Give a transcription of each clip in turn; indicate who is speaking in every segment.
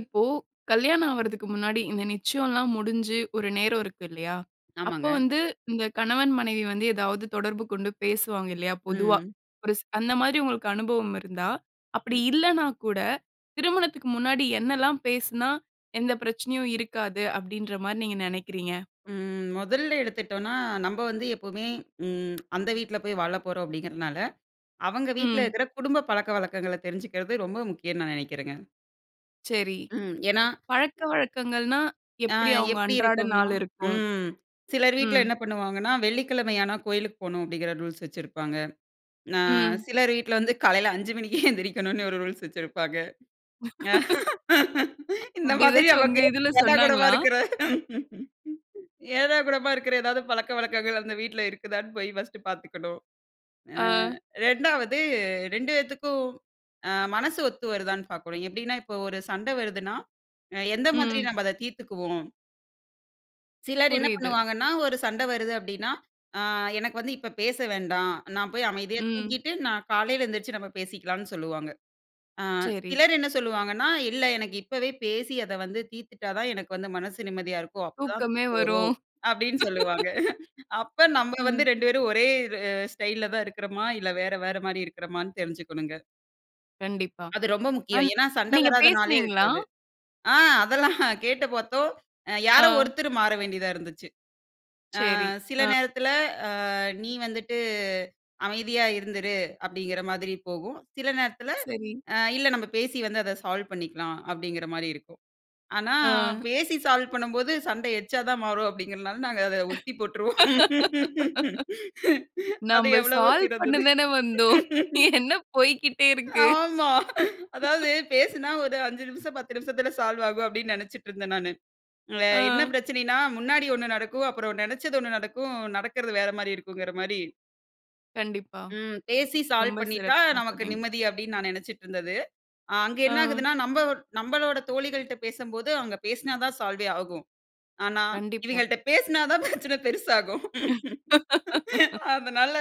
Speaker 1: இப்போ கல்யாணம் ஆவரதக்கு முன்னாடி இந்த நிச்சயம்லாம் முடிஞ்சு ஒரு நேரம் இருக்கு இல்லையா? அப்போ
Speaker 2: ஆமாங்க.
Speaker 1: வந்து இந்த கணவன் மனைவி வந்து ஏதாவது தொடர்பு கொண்டு பேசுவாங்க இல்லையா? பொதுவா.
Speaker 2: ம்.
Speaker 1: ஒரு ச அந்த மாரி உங்களுக்கு அனுபவம் இருந்தா, அப்டி
Speaker 2: ம்.
Speaker 1: இல்லனா கூட திருமணத்துக்கு முன்னாடி என்னெல்லாம் பேசுனா எந்த பிரச்சனையும் இருக்காது? அப்டின்ற மாதிரி நீங்க நினைக்கிறீங்க?
Speaker 2: ம். முதல்ல எடுத்துட்டோம்னா நம்ம வந்து எப்பமே ம் அந்த வீட்ல போய் வாழப் போறோம் அப்படிங்கிறனால, அவங்க வீட்ல
Speaker 1: ம்.
Speaker 2: இருக்கிற குடும்ப பழக்கவழக்கங்கள தெரிஞ்சுக்கிறது ரொம்ப முக்கியம்னு நான் நினைக்கிறங்க.
Speaker 1: சரி.
Speaker 2: ம். ஏன்னா,
Speaker 1: பழக்கவழக்கங்கள்னா எப்டி
Speaker 2: ஆங்
Speaker 1: அவங்க
Speaker 2: எப்டி
Speaker 1: அன்றாட
Speaker 2: இருக்கும்னா
Speaker 1: நாள் இருக்கும்?
Speaker 2: ம். சிலர் வீட்ல
Speaker 1: ம்.
Speaker 2: என்ன பண்ணுவாங்கனா, "வெள்ளிக்கிழமையான கோயிலுக்கு போணும்," அப்டிங்கற ரூல்ஸ் வச்சிருபாங்க. அ
Speaker 1: ம்.
Speaker 2: சிலர் வீட்ல வந்து காலையில 5 மணிக்கே எந்திருக்கணும்னு, ஒரு ரூல்ஸ் வச்சிருபாங்க. இந்த
Speaker 1: அப்டி
Speaker 2: மாதிரி
Speaker 1: எதாச்சும் உங்க
Speaker 2: நமக்கு
Speaker 1: இதுல
Speaker 2: ஏடாகூடமா
Speaker 1: சொன்னாங்களா?
Speaker 2: இருக்கிற, ஏடாகூடமா இருக்கிற எதாது பலக்கவழக்கங்கள், அந்த வீட்ல இருக்குதான்னு போய் ஃபர்ஸ்ட்டு பார்த்துக்கணும். அ
Speaker 1: ஆ.
Speaker 2: 2ஆவது 2 பேத்துக்கும், அ மனசு ஒத்து வருதான்னு பார்க்கணும், எப்டின்னா இப்போ ஒரு சண்ட வருதுன்னா, எந்த மாதிரி
Speaker 1: ம்.
Speaker 2: நம்ம அத தீர்த்துக்குவோம்? சிலர் என்ன
Speaker 1: புரியுது.
Speaker 2: பண்ணுவாங்கன்னா ஒரு சண்ட வருது அப்டின்னா, ஆ எனக்கு வந்து இப்ப பேச வேண்டாம். நான் போய் அமைதியா
Speaker 1: ம்.
Speaker 2: தூங்கிட்டு, நான் காலையில எந்திரிச்சு நம்ம பேசிக்கலாம்னு சொல்லுவாங்க. ஆ
Speaker 1: சேரி.
Speaker 2: சிலர் என்ன சொல்லுவாங்கன்னா, இல்ல எனக்கு இப்பவே பேசி, அத வந்து தீர்த்துட்டா தான் எனக்கு வந்து மனசு நிம்மதியா இருக்கும். அப்போ தான்
Speaker 1: தூக்கமே
Speaker 2: தூக்கம் வரும்",
Speaker 1: வரும்..
Speaker 2: அப்டின்னு சொல்லுவாங்க. அப்ப நம்ப வந்து
Speaker 1: ம்.
Speaker 2: 2 பேரும் ஒரே இது அ ஸ்டைல்ல தான் இருக்கிறோமா! இல்ல வேற, வேற மாரி இருக்கிறோமான்னு தெரிஞ்சுக்கணுங்க.
Speaker 1: கண்டிப்பா.
Speaker 2: அது ரொம்ப முக்கியம்.
Speaker 1: அம்
Speaker 2: ஏன்னா, சண்ட
Speaker 1: நீங்க
Speaker 2: வராத நாளே
Speaker 1: பேசுனீங்களா?
Speaker 2: இருக்காது. ஆ அதெல்லாம் கேட்டு பார்த்தோம். அ யாரோ
Speaker 1: அ.
Speaker 2: ஒருத்தரு மாற வேண்டியதா இருந்துச்சு. "ஆ
Speaker 1: சேரி.
Speaker 2: சில
Speaker 1: அ.
Speaker 2: நேரத்துல, ஆ நீ வந்துட்டு, அமைதியா இருந்துடு" அப்படிங்கிற மாதிரி போகும். "சில நேரத்துல,
Speaker 1: சரி.
Speaker 2: அ இல்ல நம்ம பேசி வந்து அத சால்வ் பண்ணிக்கலாம்" அப்டிங்கிற மாரி இருக்கும். ஆனா,
Speaker 1: ஆ.
Speaker 2: பேசி சால்வ் பண்ணும்போது சண்ட எக்ஸ்ட்ரா தான் மாறும் அப்படிங்கிறதனால நாங்க அத ஒத்திப் போட்டுருவோம்.. அது
Speaker 1: .நம்ம
Speaker 2: எவ்வளவோ
Speaker 1: சால்வ்
Speaker 2: சிறந்தது..
Speaker 1: பண்ணதான வந்தோம்? என்ன போய்க்கிட்டே இருக்கு?
Speaker 2: ஆமா. அதாவது பேசுனா ஒரு 5 நிமிஷம், 10 நிமிஷத்துல சால்வாகும் அப்படின்னு நெனைச்சுட்டுருந்தேன் நானு. அ என்ன
Speaker 1: அ.
Speaker 2: பிரச்சனைனா முன்னாடி 1 நடக்கும், அப்புறம் நெனைச்சது 1 நடக்கும். நடக்கறது வேற மாரி இருக்குங்கற மாரி
Speaker 1: கண்டிப்பா.
Speaker 2: ம் பேசி சால்வ்
Speaker 1: ரொம்ப
Speaker 2: பண்ணிட்டா
Speaker 1: சிறப்பா
Speaker 2: நமக்கு
Speaker 1: சொன்னீங்க.
Speaker 2: நிம்மதி அப்டின்னு நான் நினைச்சிடிருந்தது. அ அங்க
Speaker 1: ஆ.
Speaker 2: என்னாகுதுன்னா, நம்ப நம்பளோட தோழிகள்ட்ட பேசம்போது அவுங்க பேசுனா தான் சால்வே ஆகும். ஆனா
Speaker 1: கண்டிப்பா.
Speaker 2: இவங்கள்ட்ட பேசுனா தான் பிரச்சனை பெருசாகும். அதனால,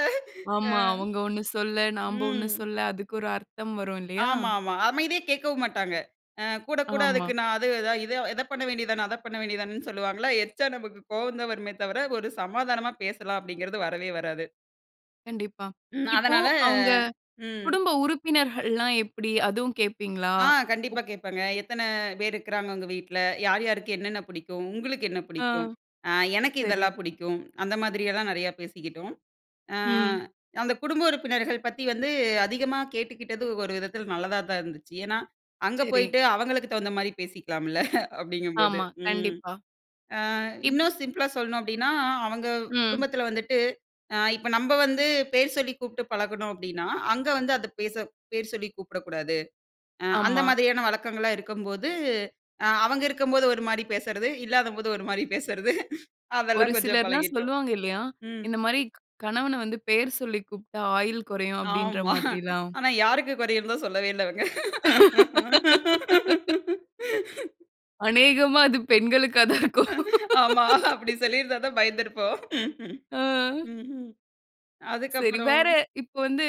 Speaker 2: அ.
Speaker 1: ஆமா அவங்க 1 சொல்லல நாம்ப 1
Speaker 2: ம்.
Speaker 1: சொல்ல அதுக்கு ஒரு அர்த்தம் வரும் இல்லையா?
Speaker 2: ஆமா ஆமா. அமைதியா கேக்கவும் மாட்டாங்க. அ கூட கூட அதுக்கு
Speaker 1: ஆமா.
Speaker 2: நான் அது இத இத பண்ண வேண்டியது தான, அத பண்ண வேண்டியது தானேன்னு சொல்லுவாங்களா, எரிச்சலா நமக்கு கோவம் தான் வருமே தவிர, ஒரு சமாதானமா பேசலாம் அப்படிங்கிறது வரவே வராது.
Speaker 1: கண்டிப்பா.
Speaker 2: ம்
Speaker 1: இப்போ
Speaker 2: அதனால
Speaker 1: அவுங்க
Speaker 2: ம்.
Speaker 1: குடும்ப உறுப்பினர்கள்லாம் எப்புடி? அதுவும் கேப்பீங்களா?
Speaker 2: ஆ
Speaker 1: உ
Speaker 2: கண்டிப்பா கேப்பாங்க, "எத்தனை பேர் இருக்குறாங்க உங்க வீட்ல? யார் யாருக்கு என்னென்ன புடிக்கும்? உங்களுக்கு என்ன
Speaker 1: ஆ
Speaker 2: பிடிக்கும்?" "அ எனக்கு
Speaker 1: சரி.
Speaker 2: இதெல்லாம் புடிக்கும்" அந்தமாதிரியெல்லாம் நிறையா பேசிக்கிட்டோம். அ
Speaker 1: ம்.
Speaker 2: அந்த குடும்ப உறுப்பினர்கள் பத்தி வந்து அதிகமா கேட்டுக்கிட்டது ஒரு விதத்தில நல்லதா தான் இருந்துச்சு, ஏன்னா அங்க
Speaker 1: சரி.
Speaker 2: போயிட்டு அவங்களுக்கு தகுந்த மாரி பேசிக்கலாம்ல. அப்படிங்கும்போது
Speaker 1: ஆமா
Speaker 2: ம்.
Speaker 1: கண்டிப்பா.
Speaker 2: அ
Speaker 1: இப்
Speaker 2: இன்னும் சிம்ப்ளா சொல்லணும் அப்டின்னா, அவங்க
Speaker 1: ம்.
Speaker 2: குடும்பத்ல வந்துட்டு அ இப்போ நம்ப வந்து பேர் சொல்லி கூப்ட்டு பழகுனோம் அப்டின்னா, அங்க வந்து அத பேச பேர் சொல்லி கூப்டக்கூடாது. அந்த
Speaker 1: ஆமா.
Speaker 2: மாதிரியான வழக்கங்களா இருக்கும்போது, அ அவங்க இருக்கும்போது ஒரு மாரி பேசறது, இல்லாதபோது ஒரு மாரி பேசறது,
Speaker 1: ஒரு
Speaker 2: அதெல்லாம் கொஞ்சம்
Speaker 1: சிலர்லாம்
Speaker 2: பழகிட்டோம்.
Speaker 1: சொல்லுவாங்க இல்லையா, இந்த மாரி கணவன வந்து பெயர் சொல்லி கூப்ட்டா, ஆயுள் குறையும் அப்படின்ற
Speaker 2: ஆமா.
Speaker 1: மாதிரில்லாம்.
Speaker 2: ஆனா யாருக்கு குறையுன் தான் சொல்லவே இல்லை அவுங்க,
Speaker 1: அநேகமா அது பெண்களுக்கா தான் இருக்கும்.
Speaker 2: ஆமா அப்டி சொல்லியிருந்தா தான் பயந்திருப்போம்.
Speaker 1: ஆ.
Speaker 2: ம்.
Speaker 1: சரி.
Speaker 2: அதுக்குப்புறம்
Speaker 1: வேற இப்ப வந்து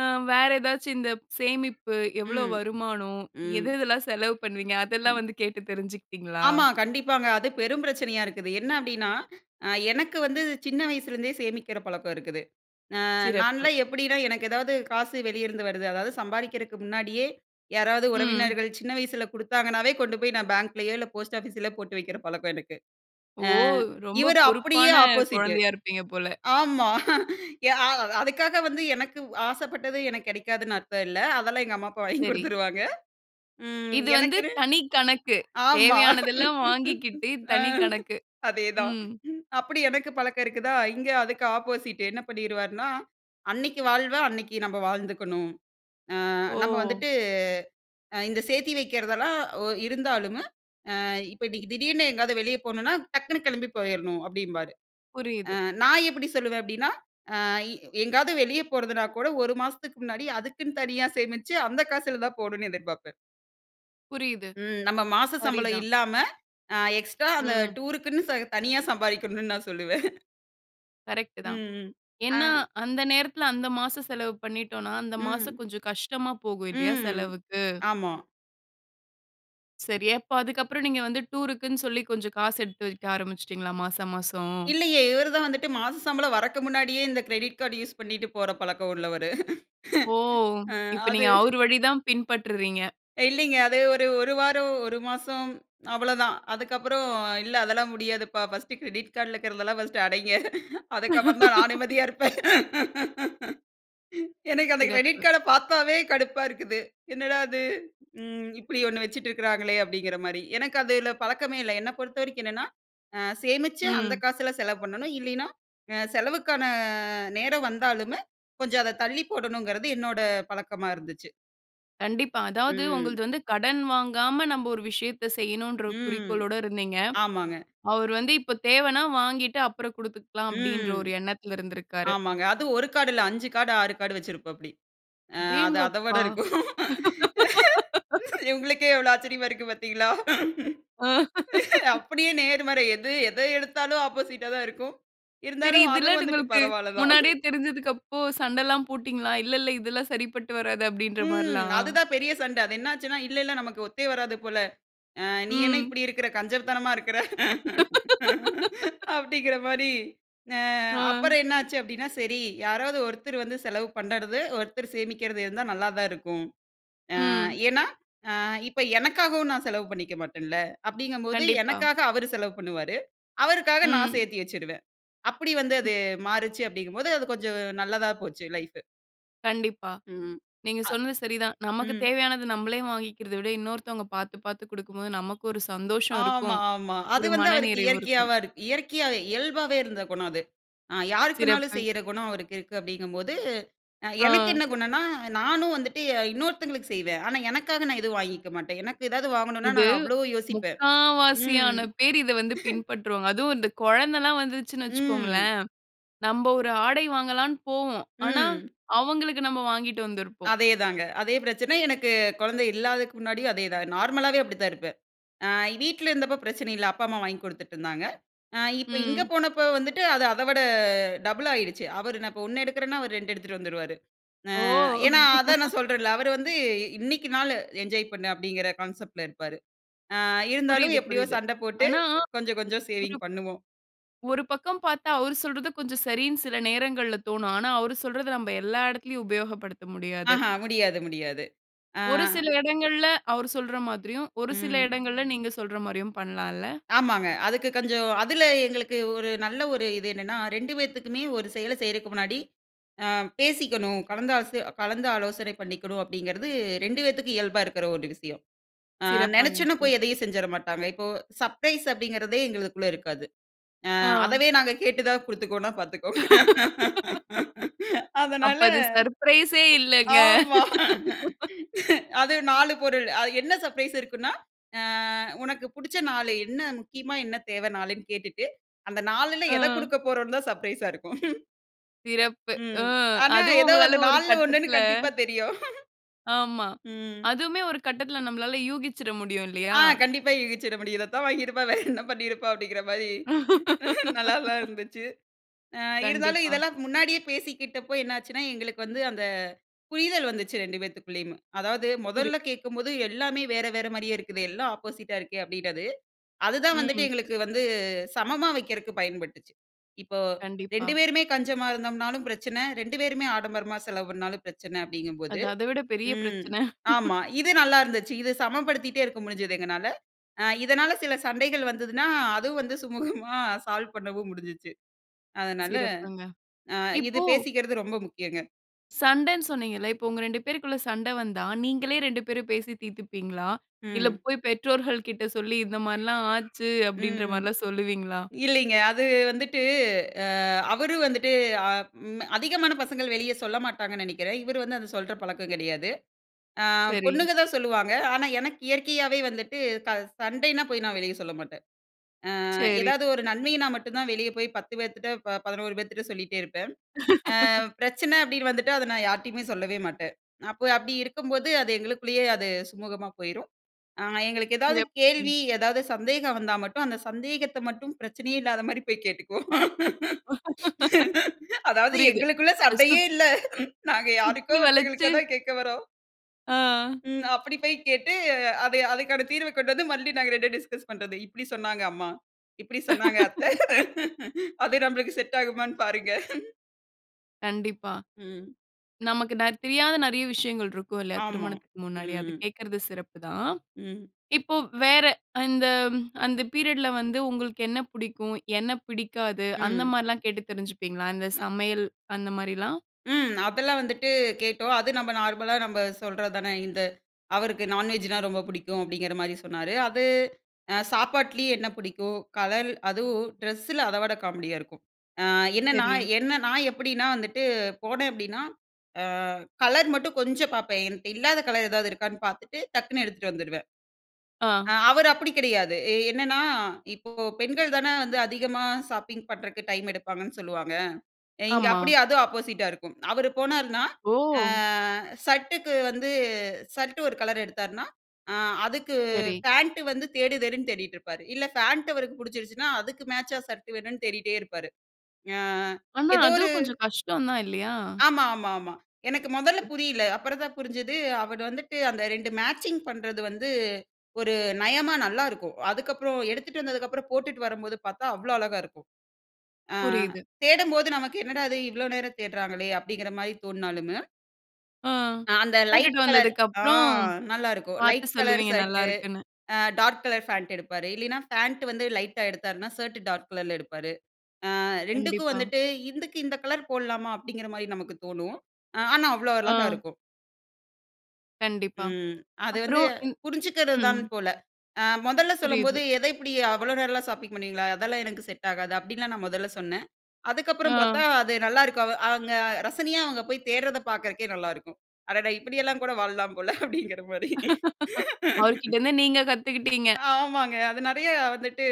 Speaker 1: அ வேற ஏதாச்சும் இந்த சேமிப்பு, எவ்வளவு
Speaker 2: ம்,
Speaker 1: வருமானம்? எது
Speaker 2: ம்.
Speaker 1: எதெல்லாம் செலவு பண்ணுவீங்க? அதெல்லாம்
Speaker 2: ம்.
Speaker 1: வந்து கேட்டு தெரிஞ்சுக்கிட்டீங்ளா?
Speaker 2: ஆமா கண்டிப்பாங்க. அது பெரும் பிரச்சனையா இருக்குது. என்ன அப்டின்னா, அ எனக்கு வந்து சின்ன வயசுலருந்தே சேமிக்கிற பழக்கம் இருக்குது. ஆ
Speaker 1: சிறப்பு.
Speaker 2: நான்லாம் எப்டின்னா, எனக்கு ஏதாவது காசு வெளியேருந்து வருது, அதாவது சம்பாரிக்கிறதுக்கு முன்னாடியே யாராவது
Speaker 1: ம்.
Speaker 2: உறவினர்கள் சின்ன வயசுல குடுத்தாங்கனாவே கொண்டு போய் நான் பேங்க்லயோ இல்ல போஸ்ட் ஆஃபிஸ்ல போட்டு வைக்கிற பழக்கம் எனக்கு.
Speaker 1: ஓ!
Speaker 2: ஆ
Speaker 1: ரொம்ப
Speaker 2: இவரு அப்டியே
Speaker 1: பொறுப்பான
Speaker 2: ஆப்போசிட்டு
Speaker 1: கொழந்தையா இருப்பீங்க போல.
Speaker 2: ஆமா. எ அதுக்காக வந்து எனக்கு ஆசப்பட்டது எனக்கு கெடைக்காதுன்னு அர்த்தம் இல்ல. அதெல்லாம் எங்க அம்மா, அப்பா வாங்கி
Speaker 1: சரி.
Speaker 2: கொடுத்துருவாங்க. ம்
Speaker 1: இது வந்து
Speaker 2: எனக்குன்னு.
Speaker 1: தனிக் கணக்கு.
Speaker 2: ஆமா.
Speaker 1: தேவையானதெல்லாம் வாங்கிக்கிட்டு
Speaker 2: அ.
Speaker 1: தனிக்கணக்கு.
Speaker 2: அதேதான்.
Speaker 1: ம்.
Speaker 2: அப்டி எனக்கு பழக்கம் இருக்குதா? இங்கே அதுக்கு ஆப்போசிட்டு என்ன பண்ணிருவாருன்னா, அன்னைக்கி வாழ்வ அன்னைக்கி நம்ம வாழ்ந்துக்கணும். ஆ நம்ம
Speaker 1: ஓ!
Speaker 2: வந்துட்டு இந்த சேர்த்தி வைக்கிறதெல்லாம் ஒ இருந்தாலும். ஆ இப்ப இன்னைக்கி திடீர்னு எங்கயாவது வெளியே போகணுன்னா, டக்குனு கெளம்பி போயிரணும் அப்டின்பாரு. அ
Speaker 1: புரியுது.
Speaker 2: நான் எப்டி சொல்லுவேன் அப்டினா? அ எங்காவது வெளியே போறதுனா கூட 1 மாசத்துக்கு முன்னாடி அதுக்குன்னு தனியா சேமிச்சு, அந்த காசில தான் போணும்னு எதிர்பார்ப்பேன்.
Speaker 1: புரியுது.
Speaker 2: ம், நம்ம மாச சம்பளம்
Speaker 1: சரிதான்.
Speaker 2: இல்லாம, அ எக்ஸ்ட்ரா அந்த
Speaker 1: ம்.
Speaker 2: டூருக்குன்னு ச தனியா சம்பாதிக்கணும்னு நான் சொல்லுவேன்.
Speaker 1: கரெக்டு
Speaker 2: ம்
Speaker 1: தான்.
Speaker 2: ம், ஆ.
Speaker 1: ஏன்னா அந்த நேரத்துல அந்த மாசம் செலவு பண்ணிட்டோம்னா, மாசம்
Speaker 2: ம்.
Speaker 1: கொஞ்சம் கஷ்டமா போகும் இல்லயா
Speaker 2: ம்.
Speaker 1: செலவுக்கு.
Speaker 2: ஆமா.
Speaker 1: சரி அப்ப அதுக்கப்புறம் நீங்க வந்து டூர்க்குன்னு சொல்லி கொஞ்சம் காசு எடுத்து வெக்க ஆரம்பிச்சிட்டீங்களா, மாசம் மாசம்.
Speaker 2: இல்லையே, இவர் தான் வந்துட்டு மாச சம்பளம் வரக்கு முன்னாடியே இந்த கிரெடிட் கார்ட் யூஸ் பண்ணிட்டு போற பழக்கம் உள்ளவரு.
Speaker 1: ஓ!
Speaker 2: ஆ,
Speaker 1: இப்ப
Speaker 2: அது.
Speaker 1: நீங்க அவர் வழிதான் பின்பற்றுறீங்க.
Speaker 2: இல்லிங்க, அது ஒரு 1 வாரம் 1 மாசம் அவ்வளோதான், அதுக்கப்புறம் இல்ல அதெல்லாம் முடியாதுப்பா ஃபர்ஸ்ட்டு கிரெடிட் கார்டி ல இருக்குறதெல்லாம் ஃபர்ஸ்ட்டு அடைங்க, அதுக்கப்புறம் தான் நான் நிம்மதியா இருப்பேன். எனக்கு அந்த கிரெடிட்
Speaker 1: சிறப்பு!
Speaker 2: கார்ட பாத்தாவே கடுப்பா இருக்குது, என்னடா அது ம், இப்டி ஒண்ணு வச்சுட்டு இருக்குறாங்களே! அப்டிங்கிற மாரி. எனக்கு அதுல பழக்கமே இல்ல, என்ன பொறுத்தவரைக்கும் என்னன்னா சேமிச்சு அந்த
Speaker 1: ம்.
Speaker 2: காசுல செலவு பண்ணணும். இல்லின்னா செலவுக்கான நேரம் வந்தாலுமே கொஞ்சம் அத தள்ளி போடணுங்குறது என்னோட பழக்கமா இருந்துச்சு.
Speaker 1: கண்டிப்பா அதாவது
Speaker 2: ம்.
Speaker 1: உங்கள்து வந்து கடன் வாங்காம நம்ம ஒரு விஷயத்த செய்யணும்ன்ற
Speaker 2: ம்,
Speaker 1: குறிக்கோளோட இருந்தீங்க.
Speaker 2: ஆமாங்க.
Speaker 1: அவரு வந்து இப்ப தேவைனா வாங்கிட்டு அப்புறம் கொடுத்துக்கலாம் அப்டின்ற
Speaker 2: ம்,
Speaker 1: ஒரு எண்ணத்துல இருந்துருக்காரு.
Speaker 2: ஆமாங்க அதுவும் 1 கார்டு இல்ல 5 கார்டு 6 கார்டு வைச்சுருப்பாபிடி. ஆ, அது அத விட
Speaker 1: அடேங்கப்பா!
Speaker 2: இருக்கும் உங்களுக்கே எவ்வளோ ஆச்சரியமா இருக்கு பாத்தீங்களா?
Speaker 1: ஆ.
Speaker 2: அப்டியே நேர்மறை எது எத எடுத்தாலும் ஆப்போசிட்டா தான் இருக்கும்.
Speaker 1: சரி
Speaker 2: இருந்தாலும் அதுவும்
Speaker 1: இதெல்லாம்
Speaker 2: வந்துட்டு
Speaker 1: உங்களுக்கு
Speaker 2: பரவால்ல தான். ம்.
Speaker 1: முன்னாடியே தெரிஞ்சதுக்கு அப்போ சண்டலாம் போட்டீங்களா? இல்ல இல்ல இதெல்லாம் சரிப்பட்டு வராது அப்படின்ற
Speaker 2: ம்.
Speaker 1: மாரிலாம்.
Speaker 2: அதுதான் பெரிய சண்ட அது என்ன ஆச்சுனா, இல்ல இல்ல நமக்கு ஒத்தே வராது போல. ஆ நீ என்ன
Speaker 1: ம்.
Speaker 2: இப்டி இருக்குற? கஞ்சத்தனமா இருக்குற? அப்டிங்குற மாரி, ஆ
Speaker 1: ஆ.
Speaker 2: அப்பறம் என்ன ஆச்சு அப்டின்னா சரி யாராவது ஒர்த்தர் வந்து செலவு பண்ணுறது, ஒர்த்தர் சேமிக்குறது இருந்தா நல்லா தான் இருக்கும். ஆ,
Speaker 1: ம்.
Speaker 2: ஏன்னா ஆ இப்போ எனக்காகவும் நான் செலவு பண்ணிக்க மாட்டேன்ல. அப்டிங்கும் போது
Speaker 1: கண்டிப்பா.
Speaker 2: எனக்காக அவரு செலவு பண்ணுவாரு. அவருக்காக நான்
Speaker 1: ம்.
Speaker 2: சேத்தி வைச்சுருவேன். அப்டி வந்து
Speaker 1: ம்.
Speaker 2: அது மாறுச்சு அப்டிங்கும் போது, அது கொஞ்சம் நல்லதா போச்சு லைஃப்ஃபு.
Speaker 1: கண்டிப்பா.
Speaker 2: ம்.
Speaker 1: நீங்க
Speaker 2: அ.
Speaker 1: சொன்னது சரிதான். நமக்கு
Speaker 2: ம்.
Speaker 1: தேவையானது நம்மளே வாங்கிக்கிறத விட, இன்னொருத்தவங்க பார்த்து, பார்த்து கொடுக்கும்போது நமக்கு ஒரு சந்தோஷம்
Speaker 2: ஆமா
Speaker 1: இருக்கும்.
Speaker 2: ஆமா. அது
Speaker 1: ஒரு
Speaker 2: வந்து அவருக்கு
Speaker 1: மனநிறைவு
Speaker 2: இயற்கையாவ
Speaker 1: இருக்கும்.
Speaker 2: இயற்கையா இயல்பாவே இருந்த குணம் அது. அ யாருக்குணாலும்
Speaker 1: சிறப்பு.
Speaker 2: செய்ற குணம் அவருக்கு இருக்கு அப்படீங்கம்போது, அ
Speaker 1: ஆ.
Speaker 2: எனக்கு என்ன குணம்ன்னா, நானும் வந்துட்டு ய இன்னொருதவங்களுக்கு செய்வேன். ஆனா எனக்காக நான் எதுவும் வாங்கிக்கமாட்டேன். எனக்கு ஏதாவது வாங்கணும்ன்னா
Speaker 1: இது
Speaker 2: நான்னு அவ்வளவு யோசிப்பேன்.
Speaker 1: 3/4
Speaker 2: ம்.
Speaker 1: வாசியான பேர் இத வந்து பின்பற்றுவாங்க. அதுவும் இந்த குழந்தல்லா வந்துருச்சுன்னு
Speaker 2: ம்.
Speaker 1: வச்சுக்கோங்களேன், நம்ம ஒரு ஆடை வாங்கலான்னு போவோம். ஆனா
Speaker 2: ம்.
Speaker 1: அவுங்களுக்கு நம்ம வாங்கிட்டு வந்திருப்போம்.
Speaker 2: அதேதாங்க அதே பிரச்சனை எனக்கு குழந்தை இல்லாததுக்கு முன்னாடியும் அதே தான். நார்மலாவே அப்படி தான் இருப்பேன். அ வீட்ல இருந்தப்போ பிரச்சனை இல்லை அப்பா அம்மா வாங்கிக் கொடுத்துட்டு இருந்தாங்க. அ இப்போ இங்க
Speaker 1: ம்.
Speaker 2: போனப்போ வந்துட்டு அது அத விட டபுள் ஆயிருச்சு. அவர் நான் இப்போ 1 எடுக்கிறேன்னா, அவர் 2 எடுத்துகிட்டு வந்துருவாரு.
Speaker 1: ஓ!
Speaker 2: அ ஏன்னா அதான் நான் சொல்றேன்ல, அவர் வந்து இன்னைக்கு நாள் என்ஜாய் பண்ணு அப்படிங்கிற கான்செப்ட் ல இருப்பாரு. அ இருந்தாலும்
Speaker 1: புரியுது
Speaker 2: எப்படியோ
Speaker 1: புரியுது.
Speaker 2: சண்டை போட்டு,
Speaker 1: ஆனா
Speaker 2: கொஞ்சம் கொஞ்சம் சேவிங்
Speaker 1: [unintelligible]
Speaker 2: பண்ணுவோம்.
Speaker 1: ஒரு பக்கம் பார்த்தா அவரு சொல்றது கொஞ்சம் சரின்னு சில நேரங்கள்ல தோணும். ஆனா அவரு சொல்றத நம்ம எல்லா இடத்துலயும் உபயோகப்படுத்த முடியாது.
Speaker 2: ஆஹா. முடியாது, முடியாது. ஆ.
Speaker 1: ஒரு சில இடங்கள்ல அவர் சொல்ற மாதிரியும், ஒரு சில
Speaker 2: ம்.
Speaker 1: இடங்கள்ல நீங்க சொல்ற மாரியும் பண்ணலால்ல!
Speaker 2: ஆமாங்க. அதுக்கு கொஞ்சம் அதுல எங்களுக்கு ஒரு நல்ல ஒரு இது என்னன்னா, 2 பேத்துக்குமே ஒரு செயல செய்றதுக்கு முன்னாடி அ பேசிக்கணும், கலந்த அச கலந்து ஆலோசனை பண்ணிக்கணும் அப்படிங்கிறது 2 பேத்துக்கும் இயல்பா இருக்கிற ஒரு விஷயம். அ
Speaker 1: சிறப்பான
Speaker 2: நெனச்சோன்னா போய்
Speaker 1: விஷயம்.
Speaker 2: எதையும் செஞ்சிற மாட்டாங்க. இப்போ சர்ப்ரைஸ் அப்படிங்கிறதே எங்களுக்குக்குள்ளே இருக்காது. அ
Speaker 1: ஆ.
Speaker 2: அதவே நாங்க கேட்டு தான் கொடுத்துக்கோனா பார்த்துக்கோங்க.
Speaker 1: அப்ப
Speaker 2: அதனால,
Speaker 1: அது சர்ப்ரைஸ் யே இல்லங்க.
Speaker 2: ஆமா அது 4 பொருள் அ என்ன சர்ப்ரைஸ் இருக்குன்னா? அ உனக்கு புடிச்ச 4 என்ன? முக்கியமா என்ன? தேவைன்னு கேட்டுட்டு, அந்த 4 ல எதை
Speaker 1: ஆ.
Speaker 2: கொடுக்க போறோம்ன்னு தான் சர்ப்ரைஸ் ஸா இருக்கும்.
Speaker 1: சிறப்பு.
Speaker 2: ம்.
Speaker 1: ம்,
Speaker 2: ஆனா,
Speaker 1: அதுவும்
Speaker 2: ஏதோ அந்த
Speaker 1: உங்களால ஒரு
Speaker 2: 4ல 1னு
Speaker 1: கட்டத்துல.
Speaker 2: கண்டிப்பா தெரியும்.
Speaker 1: ஆமா.
Speaker 2: ம்.
Speaker 1: அதுவுமே ஒரு கட்டத்துல நம்மளால யூகிச்சிட முடியும்
Speaker 2: ஆ.
Speaker 1: இல்லீயா?
Speaker 2: கண்டிப்பா. யூகிச்சிட முடியும். இத தான் வாங்கியிருப்பா. வேற என்ன பண்ணியிருப்பா அப்டிங்கிற மாரி. நல்லாதா இருந்துச்சு. ஆ இருந்தாலும்
Speaker 1: கண்டிப்பா.
Speaker 2: இதெல்லாம் முன்னாடியே பேசிக்கிட்டப்போ, என்னாச்சுன்னா எங்களுக்கு வந்து அந்த புரிதல் வந்துச்சு 2 பேத்துக்குள்ளேயும். அதாவது
Speaker 1: புரியிது.
Speaker 2: முதல்ல கேட்கும்போது எல்லாமே வேற வேற மாரியே இருக்குது. எல்லாம் ஆப்போசிட்டா இருக்கே அப்டின்றது. அதுதான் வந்துட்டு
Speaker 1: ம்.
Speaker 2: எங்களுக்கு வந்து சமமா வைக்கிறக்கு பயன்பட்டுச்சு. இப்போ 2
Speaker 1: கண்டிப்பா.
Speaker 2: பேருமே கஞ்சமா இருந்தோம்னாலும் பிரச்சன, 2 பேருமே ஆடம்பரமா செலவு பண்னாலும் பிரச்சன அப்டிங்கும்போது
Speaker 1: அது, அதவிட பெரிய
Speaker 2: ம்.
Speaker 1: பிரச்சன.
Speaker 2: ஆமா. இது நல்லா இருந்துச்சி. இது சமப்படுத்திட்டே இருக்க முடிஞ்சிது எங்கனால. அ இதனால் சில சண்டைகள் வந்ததுனா, அதுவும் வந்து சுமூகமா சால்வ் பண்ணவும் முடிஞ்சுச்சு. அதனால
Speaker 1: சிறப்புங்க.
Speaker 2: அ இது
Speaker 1: இப்போ
Speaker 2: பேசிக்கற்து ரொம்ப முக்கியங்க.
Speaker 1: சண்டன்னு சொன்னீங்கல்ல. இப்ப உங்க 2 பேருக்குள்ள சண்ட வந்தா நீங்களே 2 பேரும் பேசி தீர்த்துப்பீங்களா? இல்ல
Speaker 2: ம்.
Speaker 1: போய் பெற்றோர்கள் கிட்ட சொல்லி, "இந்த மாரி எல்லாம் ஆச்சு." அப்டின்ற
Speaker 2: ம்.
Speaker 1: மார்லாம் சொல்லுவீங்களா?
Speaker 2: இல்லீங்க. அது வந்துட்டு அ அவரும் வந்துட்டு, ஆ ம் அதிகமான பசங்கள் வெளியே சொல்ல மாட்டாங்கன்னு நினைக்கிறேன். இவரு வந்து அத சொல்ற பழக்கம் கிடையாது. ஆ
Speaker 1: சரி.
Speaker 2: பொண்ணுங்க தான் சொல்லுவாங்க. ஆனா, எனக்கு இயற்கையாவே வந்துட்டு சண்டைனா போய் நான் வெளிய சொல்ல மாட்டேன். அ
Speaker 1: சரி.
Speaker 2: ஏதாவது ஒரு நன்மையினா மட்டும் தான் வெளியே போய் 10 பேர்திட்ட 11 பேர்திட்ட சொல்லிட்டே இருப்பேன். ஆ பிரச்சன அப்டின்னு வந்துட்டு அதை நான் யார்கிட்டயுமே சொல்லவே மாட்டேன். அப்போ அப்படி இருக்கும்போது, அது எங்களுக்குள்ளேயே அது சுமூகமா போய்ரும். ஆ எங்களுக்கு ஏதாவது
Speaker 1: சிறப்.
Speaker 2: கேள்வி,
Speaker 1: ம்.
Speaker 2: ஏதாவது சந்தேகம் வந்தா மட்டும் அந்த சந்தேகத்த மட்டும் பிரச்சனையே இல்லாத மாரி போய் கேட்டுக்குவோம். அதாவது
Speaker 1: புரியுது.
Speaker 2: எங்களுக்குள்ள
Speaker 1: அசுத்
Speaker 2: சண்டையே இல்ல. நாங்க யாருக்கோ
Speaker 1: சுத்தி
Speaker 2: ஒருத்தவங்களுக்கு
Speaker 1: வளச்சு.
Speaker 2: தான் கேட்க வரோம்.
Speaker 1: ஆ.
Speaker 2: ம். அப்டி போய் கேட்டு. அத அதுக்கான தீர்வ கொண்டு வந்து, மறுபடியும் நாங்க 2ம் டிஸ்கஸ் பண்றது. இப்டி சொன்னாங்க அம்மா, இப்படி சொன்னாங்க அத்தை. அது நம்மளுக்கு செட் ஆகுமான்னு பாருங்க.
Speaker 1: கண்டிப்பா.
Speaker 2: ம்.
Speaker 1: நமக்கு ந தெரியாத நெறைய விஷயங்கள் இருக்கும் இல்லையா
Speaker 2: ஆமா,
Speaker 1: திருமணத்துக்கு முன்னாடி, அது
Speaker 2: ம்.
Speaker 1: கேக்கறது சிறப்பு தான்.
Speaker 2: ம்.
Speaker 1: இப்போ வேற அந்த அந்த பீரியட் ல வந்து உங்களுக்கு என்ன புடிக்கும்? என்ன பிடிக்காது? அந்த
Speaker 2: ம்.
Speaker 1: மாரில்லாம் கேட்டு தெரிஞ்சுப்பீங்களா, இந்த
Speaker 2: ந
Speaker 1: சமையல் அந்த மாரிலாம்?
Speaker 2: ம். அதெல்லாம் வந்துட்டு கேட்டோம். அது நம்ப நார்மலா நம்ம சொல்றதுதானே, இந்த அவருக்கு நான்வெஜ்ஜுனா ரொம்ப புடிக்கும் அப்டிங்கிற மாரி சொன்னாரு. அது அ சாப்பாட்டுலயே என்ன புடிக்கும், கலர் அதுவும் ட்ரெஸ்ஸில அத விட காமெடியா இருக்கும். ஆ என்னன்னா,
Speaker 1: சரி.
Speaker 2: என்ன நான் எப்படின்னா வந்துட்டு போனே அப்டின்னா. ஆ கலர் மட்டும் கொஞ்சம் பாப்பேன் என்ட்ட இல்லாத கலர் ஏதாவது இருக்கான்னு பாத்துட்டு, டக்குனு எடுத்துட்டு வந்துருவேன்.
Speaker 1: ஆ.
Speaker 2: ஆ அவரு அப்டி கிடையாது எ என்னன்னா, இப்போ பெண்கள் தானே வந்து அதிகமா ஷாப்பிங் பண்றக்கு டைம் எடுப்பாங்கன்னு சொல்லுவாங்க. அ இங்கே
Speaker 1: ஆமா.
Speaker 2: அப்டியே அதும் ஆப்போசிட்டா இருக்கும் அவரு போனாருனா, ஆ
Speaker 1: ஓ!
Speaker 2: ஷர்டக்கு வந்து ஷர்ட்டு ஒரு கலர் எடுத்தாருனா அ அதுக்கு
Speaker 1: சரி.
Speaker 2: ஃபேண்ட் வந்து தேடு தேடுன்னு தேடிட்ருப்பாரு இல்ல ஃபேண்ட் அவருக்கு புடிச்சிருச்சுன்னா, அதுக்கு மேட்சா ஷர்ட் வேணுன்னு தேடிட்டே இருப்பாரு. ஞா
Speaker 1: ஆனா,
Speaker 2: ஏதோ ஒரு
Speaker 1: அதும் கொஞ்சம் கஷ்டம் தான் இல்லையா?
Speaker 2: ஆமாமாமா. எனக்கு மொதல்ல
Speaker 1: ம்.
Speaker 2: புரியல. அப்புறம் தான் புரிஞ்சது, அவரு வந்துட்டு அந்த 2 மேட்சிங் பண்றது வந்து, ஒரு நயமா நல்லாருக்கும். அதுக்கப்புறம் எடுத்துட்டு வந்ததுக்கு அப்புறம் போட்டுட்டு வரும்போது பாத்தா அவ்ளோ அழகாருக்கும். ஆ
Speaker 1: புரியிது.
Speaker 2: தேடும்போது நமக்கு என்னடா இது இவ்ளோ நேரம் தேடுறாங்களே, அப்டிங்கிற மாரி தோண்ணாலுமு
Speaker 1: ஆ
Speaker 2: அ அந்த லைட்
Speaker 1: கூட்டிட்டு
Speaker 2: கலர் ஆ
Speaker 1: வந்ததுக்கப்புறம்,
Speaker 2: நல்லா இருக்கும்.
Speaker 1: பார்த்து
Speaker 2: லைட் கலர்
Speaker 1: சொல்லுவீங்க
Speaker 2: ஷர்ட்
Speaker 1: நல்லா இருக்குன்னு.
Speaker 2: அ டார்க் கலர் ஃபாண்ட் எடுப்பாரு. இல்லயின்னா, ஃபாண்ட் வந்து லைட்டா எடுத்தாருன்னா, ஷர்ட் டார்க் கலர்ல எடுப்பாரு. அ 2 க்கும்
Speaker 1: கண்டிப்பா.
Speaker 2: வந்துட்டு இதுக்கு இந்த கலர் போட்லாமா? அப்பிடிங்கிறமாரி நமக்கு தோணும். அ ஆனா அவ்ளோ அழகா
Speaker 1: ஆ.
Speaker 2: இருக்கும்.
Speaker 1: கண்டிப்பா.
Speaker 2: ம், அது வந்து
Speaker 1: அப்புறம் இந்
Speaker 2: புரிஞ்சுக்கிறதுதான்
Speaker 1: ம்.
Speaker 2: போல. அ முதல்ல சொல்லும்போது
Speaker 1: புரியுது.
Speaker 2: எதை இப்பிடி அவ்ளோ நேரம்லான் ஷாப்பிங் பண்ணுவீங்களா? அதெல்லாம் எனக்கு செட் ஆகாது. அப்பிடின்லாம் நான் முதல்ல சொன்னேன். அதுக்கப்பறம் பார்த்தா,
Speaker 1: ஆ.
Speaker 2: அது நல்லாயிருக்கவ அவங்க ரசனையா அவுங்க போய் தேடுறத பார்க்கறதுக்கே நல்லாயிருக்கும். அடடா! இப்பிடியெல்லாம் கூட வாழலாம் போல அப்பிடிங்கிறமாரி
Speaker 1: அவருக்கிட்டருந்து நீங்க கத்துக்கிட்டீங்க.
Speaker 2: ஆமாங்க. அது நிறைய வந்துட்டு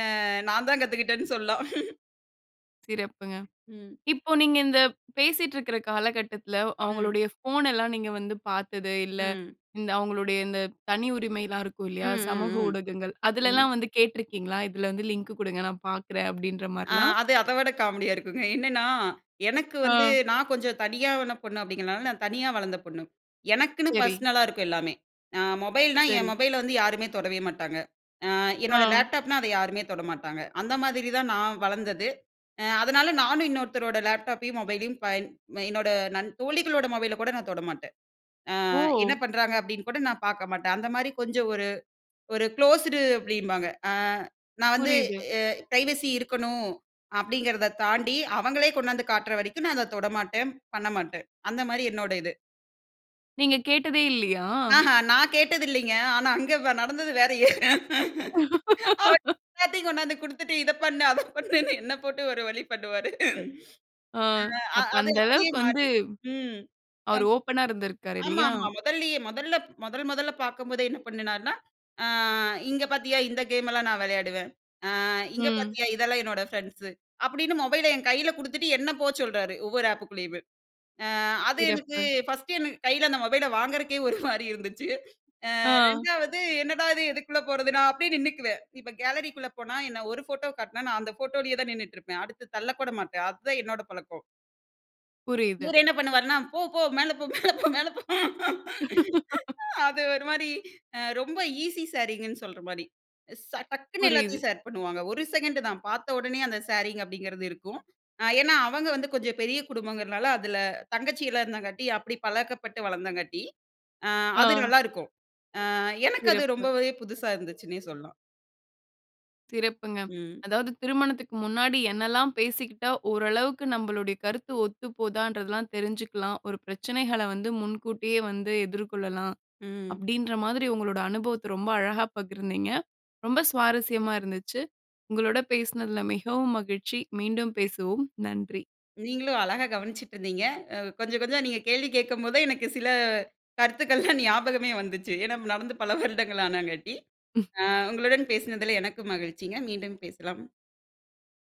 Speaker 2: அ நான் தான் கத்துக்கிட்டேன்னு சொல்லாம்.
Speaker 1: சிறப்புங்க.
Speaker 2: ம்.
Speaker 1: இப்போ நீங்க இந்த பேசிட்டு இருக்கிற காலகட்டத்தில
Speaker 2: ம்.
Speaker 1: அவுங்களுடைய ஃபோன் எல்லாம் நீங்க வந்து பார்த்தது இல்ல.
Speaker 2: ம்.
Speaker 1: இந்த அவுங்களுடைய இந்த தனி உரிமைலாம் இருக்கும்
Speaker 2: ம்,
Speaker 1: இல்லயா! சமூக
Speaker 2: ம்,
Speaker 1: ஊடகங்கள்,
Speaker 2: ம். ம்.
Speaker 1: அதுலலாம் வந்து கேட்டிருக்கீங்களா! இதில வந்து லிங்க் கொடுங்க நான் பார்க்கிறேன். அப்பிடின்ற
Speaker 2: அ
Speaker 1: மாரிலாம்.
Speaker 2: அது அத விட காமெடி யா இருக்குங்க. என்னன்னா, எனக்கு வந்து
Speaker 1: ஆ.
Speaker 2: நான் கொஞ்சம் தனியாவேன பொண்ணு அப்பிடிங்கிறனால நான் தனியா வளந்த பொண்ணு. எனக்குன்னு
Speaker 1: சரி.
Speaker 2: பர்ஸ்னலா இருக்கும் எல்லாமே! அ மொபைல்னா என்
Speaker 1: சரி.
Speaker 2: மொபைல வந்து யாருமே தொடவே மாட்டாங்க. அ என்னோட
Speaker 1: ஆ.
Speaker 2: லேப்டாப்னா அதை யாருமே தொட மாட்டாங்க. அந்த மாதிரி தான் நான் வளர்ந்தது. அ அதனால நானும் இன்னொருத்தரோட லேப்டாப்பையும் மொபைலையும் பயன் என்னோட நன் தோழிகளோட மொபைல கூட நான் தொடமாட்டேன். ஆ என்ன
Speaker 1: ஓ!
Speaker 2: பண்றாங்க அப்பிடின்னு கூட நான் பார்க்க மாட்டேன். அந்தமாரி கொஞ்சம் ஒரு, ஒரு குளோஸ்டு அப்பிடீம்பாங்க. அ நான் வந்து
Speaker 1: புரியுது.
Speaker 2: அ பிரைவசி இருக்கணும் அப்பிடிங்கிறத தாண்டி அவங்களே கொண்டாந்து காட்டுற வரைக்கும் நான் அத தொடமாட்டேன். பண்ணமாட்டேன். அந்தமாரி என்னோட இது.
Speaker 1: நீங்க கேட்டதே இல்லையா?
Speaker 2: ஆஹா நான் கேட்டதில்லைங்க. ஆனா அங்க வ் நடந்தது வேறயே. அவர் எல்லாத்தையும் கொண்டு வந்து கொடுத்துட்டு இத பண்ணு, அத பண்ணுன்னு என்ன போட்டு ஒரு வழி பண்ணுவாரு.
Speaker 1: ஆ.
Speaker 2: அ
Speaker 1: அப்ப
Speaker 2: அது
Speaker 1: அந்த
Speaker 2: அப்படியே
Speaker 1: அளவுக்கு வந்து,
Speaker 2: மாறி ம். அ.
Speaker 1: அவர் ஓப்பன்னா இருந்திருக்கிறார்ரு இல்லையா?
Speaker 2: ஆமாமா முதல்லேயே முதல்ல மொதல் மொதல்ல பார்க்கும்போதே என்ன பண்ணினாருன்னா, "அ இங்க பார்த்தியா? இந்த கேம் எல்லாம் நான் விளையாடுவேன். அ இங்க
Speaker 1: ம்.
Speaker 2: பார்த்தியா? இதெல்லா என்னோட ஃப்ரெண்ட்ஸு" அப்படின்னு, மொபைல என் கையில கொடுத்துட்டு என்ன போ சொல்றாரு, ஒவ்வொரு ஆப்புக்குள்ளேயுமே. அ அது எனக்கு
Speaker 1: சிறப்பு.
Speaker 2: ஃபர்ஸ்ட்டு எனக்கு கையில அந்த மொபைல வாங்குறக்கே ஒரு மாதிரி இருந்துச்சு. அ
Speaker 1: ஆ.
Speaker 2: 2வது என்னடா இது? எதுக்குள்ள போறது? நான் அப்படியே நின்னுக்குவேன். இப்ப கேலரி க்குள்ள போனா என்ன ஒரு ஃபோட்டோ காட்னா நான் அந்த ஃபோட்டோலேயே தான் நின்னுட்டு இருப்பேன். அடுத்து தள்ளக்கூட மாட்டேன். அதுதான் என்னோட பழக்கம்.
Speaker 1: புரியுது.
Speaker 2: இவர் என்ன பண்ணுவார்னா? போ போ மேல போ, மேல போ, மேல போ. அது ஒரு மாதிரி அ ரொம்ப ஈஸி ஷேரிங்குன்னு சொல்ற மாரி ச டக்குனு
Speaker 1: புரியுது.
Speaker 2: எல்லாத்தையும் ஷேர் பண்ணுவாங்க. ஒரு செகண்ட் தான், பார்த்த உடனே அந்த ஷேரிங் அப்படிங்கிறது இருக்கும். ஏன்னா அவங்க வந்து கொஞ்சம் பெரிய குடும்பங்கிறதுனால அதுல தங்கச்சியேல்லாம் இருந்தங்காட்டி, அப்படி பழக்கப்பட்டு வளர்ந்தங்காட்டி அ அது
Speaker 1: ஆ.
Speaker 2: நல்லாருக்கும். அ எனக்கு அது
Speaker 1: சிறப்பு.
Speaker 2: ரொம்பவே புதுசா இருந்துச்சுன்னே சொல்லலாம்.
Speaker 1: சிறப்புங்க.
Speaker 2: ம்.
Speaker 1: அதாவது திருமணத்துக்கு முன்னாடி என்னலாம் பேசிக்கிட்டா, ஓரளவுக்கு நம்மளுடைய கருத்து ஒத்து போதான்றதெல்லாம் தெரிஞ்சுக்கலாம். ஒரு பிரச்சனைகள வந்து முன்கூட்டியே வந்து எதிர்கொள்ளலாம்,
Speaker 2: ம்.
Speaker 1: அப்படின்ற மாதிரி உங்களோட அனுபவத்த ரொம்ப அழகா பகிர்ந்தீங்க. ரொம்ப சுவாரஸ்யமா இருந்துச்சு. உங்களோட பேசுனதுல மிகவும் மகிழ்ச்சி. மீண்டும் பேசுவோம். நன்றி!
Speaker 2: நீங்களும் அழகா கவனிச்சுட்டு இருந்தீங்க. அ கொஞ்சம் கொஞ்சம் நீங்க கேள்வி கேட்கும்போதுதான், எனக்கு சில கருத்துக்கள்லாம் ஞாபகமே வந்துச்சு. ஏன்னா நடந்து பல வருடங்கள் ஆனங்காட்டி,
Speaker 1: ம்.
Speaker 2: அ உங்களுடன் பேசினதுல எனக்கும் மகிழ்ச்சிங்க. மீண்டும் பேசலாம்.